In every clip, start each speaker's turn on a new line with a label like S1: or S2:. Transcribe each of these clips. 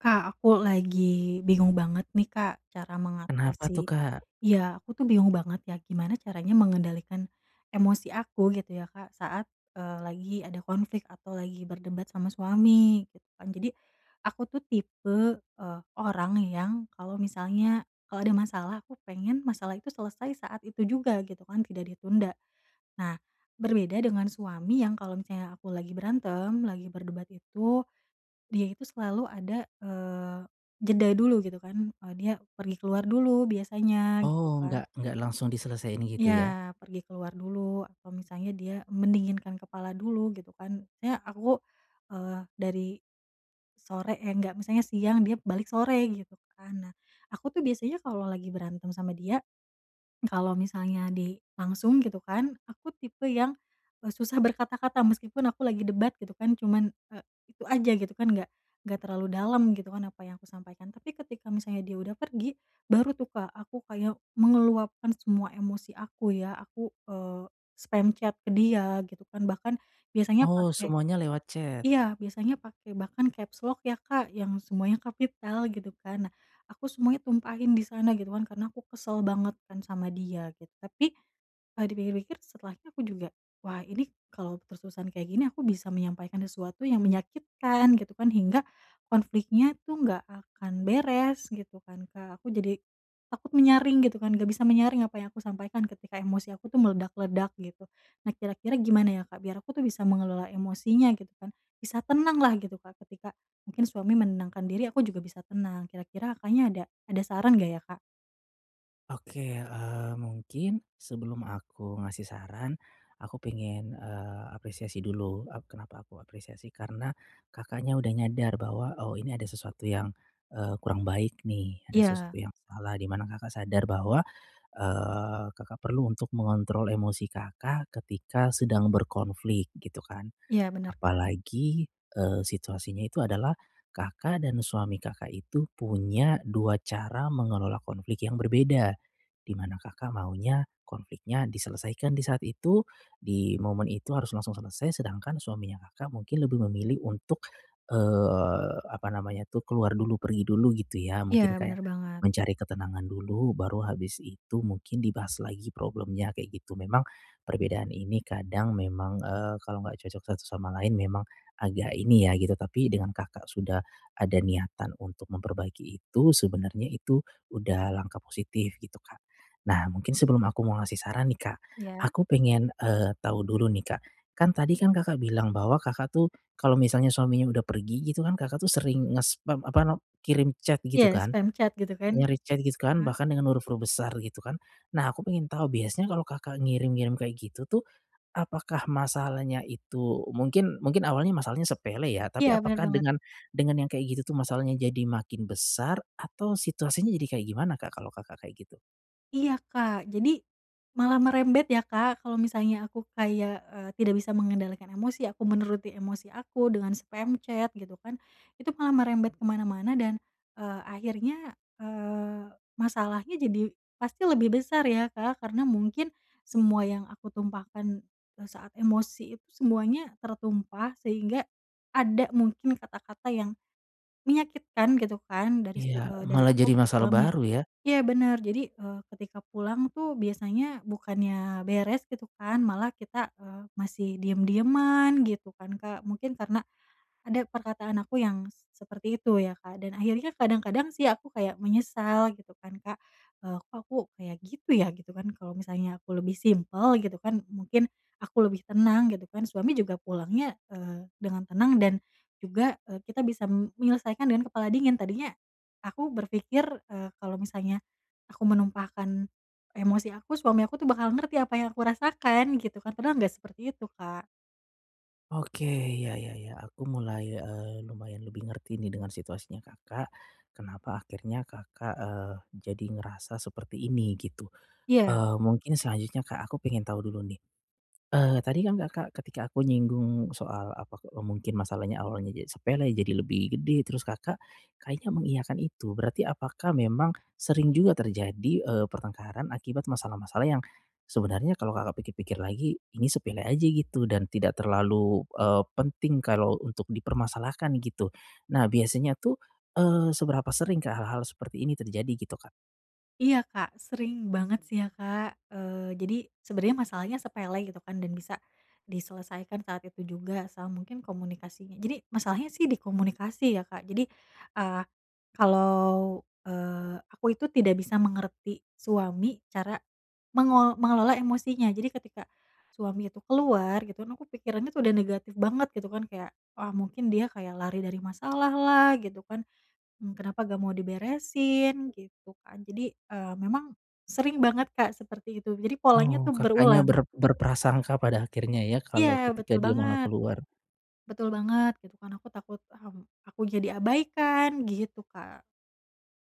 S1: Kak aku lagi bingung banget nih Kak, cara
S2: Kenapa tuh
S1: mengatasi
S2: Kak?
S1: iya, aku tuh bingung banget ya gimana caranya mengendalikan emosi aku gitu ya Kak, saat, eee, lagi ada konflik atau lagi berdebat sama suami. Tuh kan jadi aku tuh tipe, eee, orang yang kalau misalnya, kalau ada masalah, aku pengen masalah itu selesai saat itu juga gitu kan, tidak ditunda. Nah berbeda dengan suami yang kalau misalnya aku lagi berantem, lagi berdebat itu, dia itu selalu ada, eee, jeda dulu gitu kan, eee, dia pergi keluar dulu biasanya gitu
S2: Oh
S1: kan.
S2: nggak nggak langsung diselesaiin gitu
S1: Iya,
S2: ya?
S1: pergi keluar dulu atau misalnya dia mendinginkan kepala dulu gitu kan. Nya aku, eee, dari, sore eh nggak, misalnya siang, dia balik sore gitu kan. Nah aku tuh biasanya kalau lagi berantem sama dia, kalau misalnya di, langsung gitu kan, aku tipe yang, eee, susah berkata-kata meskipun aku lagi debat gitu kan, cuman, eee, itu aja gitu kan, nggak nggak terlalu dalam gitu kan, apa yang kusampaikan, tapi ketika misalnya dia udah pergi, baru tuh Kak aku kayak meluapkan semua emosi aku ya, aku, eee, spam chat ke dia gitu kan, bahkan biasanya
S2: Oh
S1: pake
S2: semuanya lewat chat.
S1: iya, biasanya pake bahkan capslock ya Kak, yang semuanya kapital gitu kan. Nah aku semuanya tumpahin di sana gitu kan, karena aku kesel banget kan sama dia git tapi, eee, dipikir-pikir setelahnya aku juga, wah ini kalau terus-terusan kayak gini, aku bisa menyampaikan sesuatu yang menyakitkan gitu kan, hingga konfliknya tuh nggak akan beres gitu kan, Kak. Aku jadi takut menyaring gitu kan, nggak bisa menyaring apa yang aku sampaikan ketika emosi aku tuh meledak-ledak gitu. Nah kira-kira gimana ya Kak, biar aku tuh bisa mengelola emosinya gitu kan, bisa tenanglah gitu Kak ketika, mungkin suami menenangkan diri, aku juga bisa tenang, kira-kira Kakaknya ada ada saran nggak ya Kak?
S2: Oke, eee, mungkin sebelum aku ngasih saran, aku pengen, eee, apresiasi dulu. Eee, kenapa aku apresiasi? Karena Kakaknya udah nyadar bahwa, oh ini ada sesuatu yang, eee, kurang baik nih, ada sesuatu
S1: Iya.
S2: yang salah, di mana Kakak sadar bahwa, eee, Kakak perlu untuk mengontrol emosi Kakak ketika sedang berkonflik gitu kan.
S1: Iya, bener Kak.
S2: Apalagi, eee, situasinya itu adalah Kakak dan suami Kakak itu punya 2 cara mengelola konflik yang berbeda. Di mana Kakak maunya konfliknya diselesaikan di saat itu, di momen itu harus langsung selesai, sedangkan suaminya Kakak mungkin lebih memilih untuk, eee, apa namanya tuh, keluar dulu, pergi dulu gitu ya,
S1: Iya,
S2: mungkin kayak,
S1: bener banget.
S2: mencari ketenangan dulu, baru habis itu mungkin dibahas lagi problemnya kayak gitu. Memang perbedaan ini kadang memang, eee, kalau nggak cocok satu sama lain memang agak ini ya, gitu, tapi dengan Kakak sudah ada niatan untuk memperbaiki itu sebenarnya itu udah langkah positif, gitu Kak. Nah mungkin sebelum aku mau ngasih saran nih Kak,
S1: Iya.
S2: aku pengen, eee, tahu dulu nih Kak, kan tadi kan Kakak bilang bahwa Kakak tuh, kalau misalnya suaminya udah pergi gitu kan, Kakak tuh sering ngespam, apa nam kirim chat gitu
S1: Ya,
S2: kan.
S1: spam chat gitu kan.
S2: Nyari chat gitu kan,
S1: Mmm.
S2: bahkan dengan huruf-huruf besar, gitu kan. Nah aku pengen tahu, biasanya kalau Kakak ngirim-ngirim kayak gitu tuh, apakah masalahnya itu, mungkin mungkin awalnya masalahnya sepele ya,
S1: Iya,
S2: tapi
S1: bener
S2: apakah
S1: banget.
S2: dengan dengan yang kayak gitu tuh masalahnya jadi makin besar atau situasinya jadi kayak gimana Kak, kalau Kakak kayak gitu?
S1: Iya, Kak. Jadi, malah merembet ya Kak, kalo misalnya aku kayak, eee, tidak bisa mengendalikan emosi aku, menuruti emosi aku dengan spam chat gitu kan, itu malah merembet ke mana-mana dan, eee, akhirnya, eee, masalahnya jadi pasti lebih besar ya, Kak, karena mungkin semua yang aku tumpahkan, eee, saat emosi itu, semuanya tertumpah sehingga ada mungkin kata-kata yang, menyakitkan gitu kan dari
S2: Iya,
S1: su eee, dari
S2: malah jadi
S1: aku ke
S2: masalah
S1: suami.
S2: baru ya.
S1: Iya bener, jadi, eee, ketika pulang tuh biasanya bukannya beres gitu kan, malah kita, eee, masih diem-dieman gitu kan Kak, mungkin karena ada perkataan aku yang seperti itu ya Kak. Dan akhirnya kadang-kadang sih aku kayak menyesal gitu kan Kak, eee, "Kok aku kayak gitu ya?" Gitu kan, kalau misalnya aku lebih simpel gitu kan, mungkin aku lebih tenang gitu kan, suami juga pulangnya, eee, dengan tenang dan juga, eee, kita bisa mm menyelesaikan dengan kepala dingin, tadinya aku berpikir, eee, kalo misalnya aku menumpahkan emosi aku, suami aku tuh bakal ngerti apa yang aku rasakan gitu kan, padahal nggak seperti itu Kak.
S2: Oke, ya ya ya, aku mulai, eee, lumayan lebih ngerti nih dengan situasinya Kakak, kenapa akhirnya Kakak, eee, jadi ngerasa seperti ini, gitu.
S1: Iya.
S2: Eee, mungkin selanjutnya Kak, aku pengen tahu dulu nih. Eee, tadi kan Kakak ketika aku nyinggung soal, apa, ke eee, mungkin masalahnya awalnya je sepele, jadi lebih gede, terus Kakak kayaknya mengiyakan itu, berarti apakah memang sering juga terjadi, eee, pertengkaran akibat masalah-masalah yang sebenarnya kalau Kakak pikir-pikir lagi, ini sepele aja gitu, dan tidak terlalu, eee, penting kalau untuk dipermasalahkan gitu. Nah biasanya tuh, eee, seberapa sering Kak, hal-hal seperti ini terjadi gitu Kak?
S1: Iya Kak, sering banget sih ya Kak. Eee, jadi sebenernya masalahnya sepele gitu kan dan bisa diselesaikan saat itu juga, sama mungkin komunikasinya jadi masalahnya sih di komunikasi ya Kak, jadi, eee, kalau, eee, aku itu tidak bisa mengerti suami, cara mengelo mengelola emosinya, jadi ketika suami itu keluar gitu kan, aku pikirannya udah negatif banget gitu kan, kayak, "Ah mungkin dia kayak lari dari masalahlah," gitu kan, mmm, "kenapa nggak mau diberesin?" Gitu kan, jadi, eee, memang sering banget Kak seperti itu, jadi polanya
S2: Oh,
S1: tuh
S2: Kakaknya
S1: berulang.
S2: ber berprasangka pada akhirnya ya, kalo
S1: Iya,
S2: ketika
S1: betul
S2: dia malah
S1: banget.
S2: keluar?
S1: Betul banget, gitu kan, aku takut, mmm, aku jadi abaikan, gitu Kak.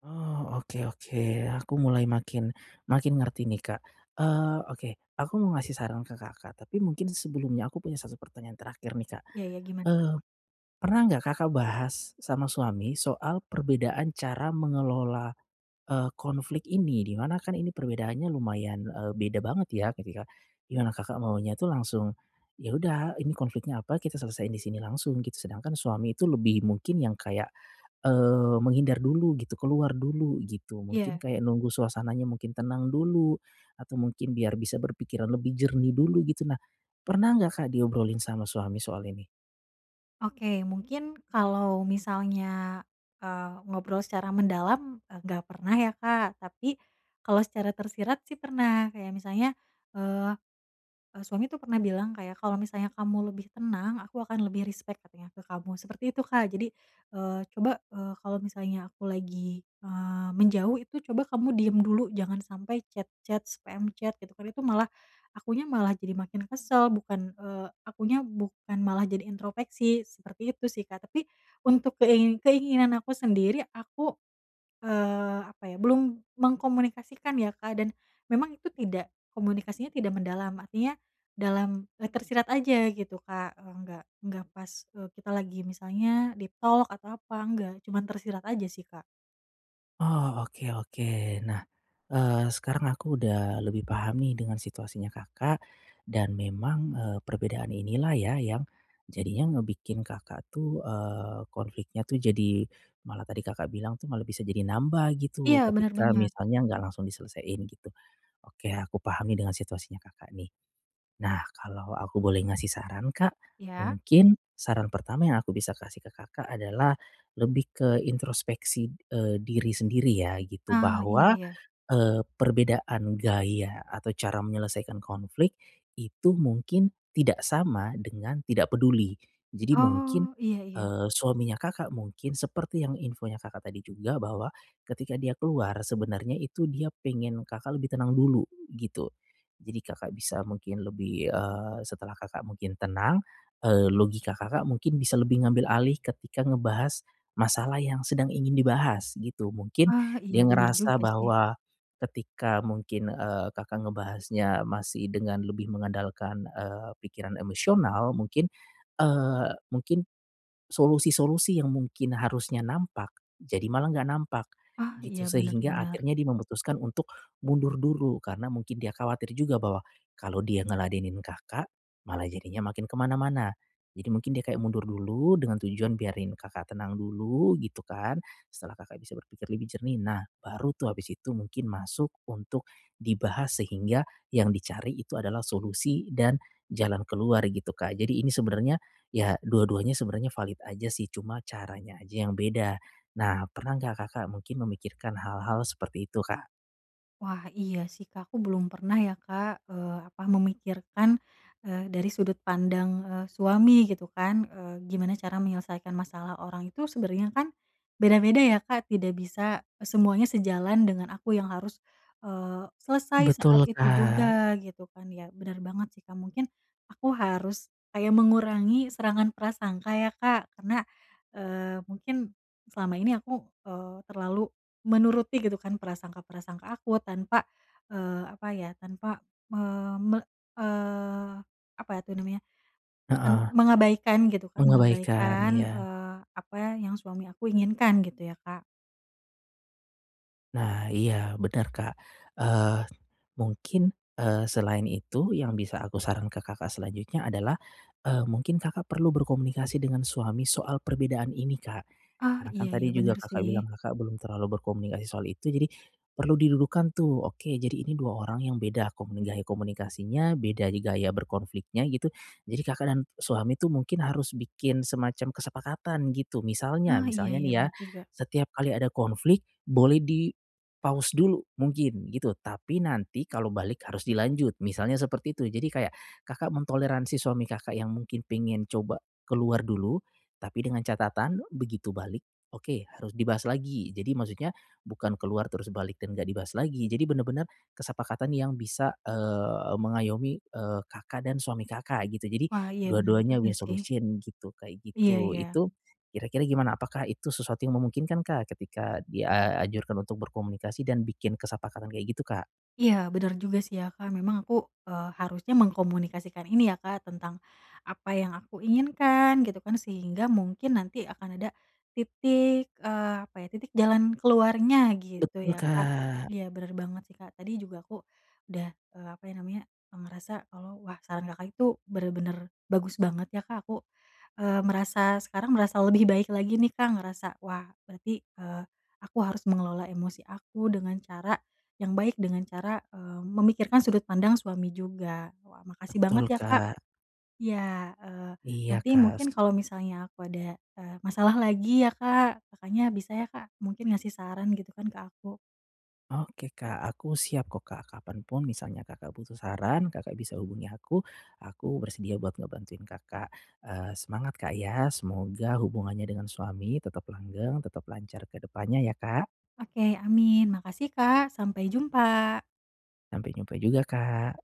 S2: Oh, oke oke, aku mulai makin, makin ngerti nih Kak. Eee, oke aku mau ngasih saran ke Kakak, tapi mungkin sebelumnya aku punya 1 pertanyaan terakhir nih Kak.
S1: Iya iya gimana Kak?
S2: Eee, pernah nggak Kakak bahas sama suami soal perbedaan cara mengelola, eee, konflik ini, di mana kan ini perbedaannya lumayan, eee, beda banget ya ketika, ya Kakak maunya itu langsung, ya udah ini konfliknya apa, kita selesaiin di sini langsung git sedangkan suami itu lebih mungkin yang kayak, eee, menghindar dulu gitu, keluar dulu gitu, mungkin
S1: Iya.
S2: kayak nunggu suasananya mungkin tenang dulu, atau mungkin biar bisa berpikiran lebih jernih dulu gitu. Nah, pernah nggak Kak diobrolin sama suami soal ini?
S1: Oke mungkin kalo misalnya, eee, ngobrol secara mendalam e gak pernah ya Kak tapi, kalo secara tersirat sih pernah. Kayak misalnya, eee, e suami tuh pernah bilang kayak, "Kalau misalnya kamu lebih tenang, aku akan lebih respect katanya ke kamu," seperti itu Kak. Jadi, eee, "Coba," eee, "kalau misalnya aku lagi," eee, "menjauh itu coba kamu diam dulu jangan sampai chat-chat, spam chat," gitu kan, "itu malah, akunya malah jadi makin kesel bukan," eee, "akunya bukan malah jadi introspeksi." Seperti itu sih Kak tapi untuk kei keinginan aku sendiri aku, eee, apa ya belum mengkomunikasikan ya Kak dan, memang itu tidak, komunikasinya tidak mendalam. Artinya dalam e tersirat aja gitu Kak, eee, nggak nggak pas e kita lagi misalnya deep talk, atau apa, nggak. Cuman tersirat aja sih Kak.
S2: Oh oke oke. Nah, eee, sekarang aku udah lebih paham nih dengan situasinya Kakak, dan memang, eee, perbedaan inilah ya yang jadinya ngebikin Kakak tuh, eee, konfliknya tuh jadi malah tadi Kakak bilang tuh malah bisa jadi nambah
S1: Iya
S2: gitu
S1: benar
S2: ketika
S1: banget.
S2: misalnya nggak langsung diselesain gitu, oke aku paham nih dengan situasinya Kakak nih. Nah kalau aku boleh ngasih saran Kak,
S1: Iya.
S2: mungkin saran pertama yang aku bisa kasih ke Kakak adalah lebih ke introspeksi e diri sendiri ya gitu
S1: Ah, iya
S2: bahwa
S1: iya.
S2: e perbedaan gaya atau cara menyelesaikan konflik itu mungkin tidak sama dengan tidak peduli. Jadi mungkin,
S1: Oh, iya iya.
S2: eee, suaminya Kakak mungkin seperti yang infonya Kakak tadi juga bahwa ketika dia keluar sebenarnya itu dia pengen Kakak lebih tenang dulu gitu, jadi Kakak bisa mungkin lebih, eee, setelah Kakak mungkin tenang, eee, logika Kakak mungkin bisa lebih ngambil alih ketika ngebahas masalah yang sedang ingin dibahas gitu, mungkin
S1: Ah, iya
S2: dia
S1: benar
S2: ngerasa
S1: juga sih.
S2: bahwa, ketika mungkin, eee, Kakak ngebahasnya masih dengan lebih mengandalkan, eee, pikiran emosional mungkin, eee, mungkin, solusi-solusi yang mungkin harusnya nampak jadi malah nggak nampak,
S1: Ah, iya
S2: gitu.
S1: benar
S2: Sehingga
S1: benar.
S2: akhirnya dia memutuskan untuk mundur dulu karena mungkin dia khawatir juga bahwa kalau dia ngeladenin Kakak malah jadinya makin kemana-mana, jadi mungkin dia kayak mundur dulu dengan tujuan biarin Kakak tenang dulu gitu kan setelah Kakak bisa berpikir lebih jernih, nah baru tuh habis itu mungkin masuk untuk dibahas sehingga yang dicari itu adalah solusi dan jalan keluar gitu Kak. Jadi ini sebenarnya ya dua-duanya sebenarnya valid aja sih cuma caranya aja yang beda. Nah pernah nggak Kakak mungkin memikirkan hal-hal seperti itu Kak?
S1: Wah iya sih Kak. Aku belum pernah ya Kak, eee, apa memikirkan e dari sudut pandang e suami gitu kan e gimana cara menyelesaikan masalah orang itu sebenarnya kan, beda-beda ya Kak tidak bisa e semuanya sejalan dengan aku yang harus, eee, selesai
S2: Betul
S1: saat itu
S2: Kak.
S1: juga gitu kan. Ya benar banget sih Kak. Mungkin, aku harus kayak mengurangi serangan prasangka ya Kak, karena, eee, mungkin, selama ini aku, eee, terlalu menuruti gitu kan prasangka-prasangka aku tanpa, eee, apa ya tanpa me me eee, apa ya tuh namanya en
S2: Heeh.
S1: mengabaikan gitu kan
S2: Mengabaikan,
S1: mengabaikan,
S2: iya.
S1: eee, apa ya yang suami aku inginkan gitu ya Kak.
S2: Nah iya benar Kak, eee, mungkin, eee, selain itu yang bisa aku saran ke Kakak selanjutnya adalah, eee, mungkin Kakak perlu berkomunikasi dengan suami soal perbedaan ini Kak,
S1: Ah,
S2: karena kan
S1: iya ya,
S2: tadi juga
S1: benar
S2: Kakak
S1: sih.
S2: bilang Kakak belum terlalu berkomunikasi soal itu. Jadi perlu didulukan tuh, oke jadi ini 2 orang yang beda komuni gaya komunikasinya, beda di gaya berkonfliknya gitu, jadi Kakak dan suami itu mungkin harus bikin semacam kesepakatan gitu. Misalnya
S1: Ah iya
S2: misalnya
S1: iya,
S2: nih ya,
S1: benar juga.
S2: setiap kali ada konflik boleh di-pause dulu mungkin gitu tapi nanti kalau balik harus dilanjut, misalnya seperti itu. Jadi kayak Kakak mentoleransi suami Kakak yang mungkin pingin coba keluar dulu, tapi dengan catatan begitu balik oke harus dibahas lagi. Jadi maksudnya bukan keluar terus balik dan nggak dibahas lagi, jadi benar-benar kesepakatan yang bisa, eee, mengayomi, eee, Kakak dan suami Kakak gitu. Jadi
S1: Wah iya, benar
S2: dua-duanya
S1: juga
S2: win
S1: sih.
S2: solution gitu, kayak
S1: Iya
S2: gitu.
S1: ya.
S2: Itu, kira-kira gimana? Apakah itu sesuatu yang memungkinkan Kak ketika dianjurkan untuk berkomunikasi dan bikin kesepakatan kayak gitu Kak?
S1: Iya, benar juga sih ya Kak, memang aku, eee, harusnya mengkomunikasikan ini ya Kak tentang apa yang aku inginkan gitu kan, sehingga mungkin nanti akan ada titik, eee, apa ya titik jalan keluarnya gitu
S2: Betul
S1: ya Kak.
S2: Kak.
S1: Iya benar banget sih Kak, tadi juga aku udah, eee, apa ya namanya e ngerasa kalau wah saran Kakak itu benar-benar bagus banget ya Kak aku, eee, merasa sekarang merasa lebih baik lagi nih Kak, ngerasa wah berarti, eee, aku harus mengelola emosi aku dengan cara yang baik, dengan cara, eee, memikirkan sudut pandang suami juga. Wah makasih banget
S2: Betul
S1: ya Kak.
S2: Kak.
S1: Iya, eee,
S2: Iya
S1: nanti
S2: Kak,
S1: mungkin
S2: se
S1: kalau misalnya aku ada, eee, masalah lagi ya Kak, Kakaknya bisa ya Kak mungkin ngasih saran gitu kan ke aku.
S2: Oke Kak, aku siap kok Kak kapan pun misalnya Kakak butuh saran Kakak bisa hubungi aku, aku bersedia buat ngebantuin Kakak. Eee, semangat Kak ya semoga hubungannya dengan suami tetap langgeng, tetap lancar ke depannya ya Kak.
S1: Oke amin. Makasih Kak, sampai jumpa.
S2: Sampai jumpa juga Kak.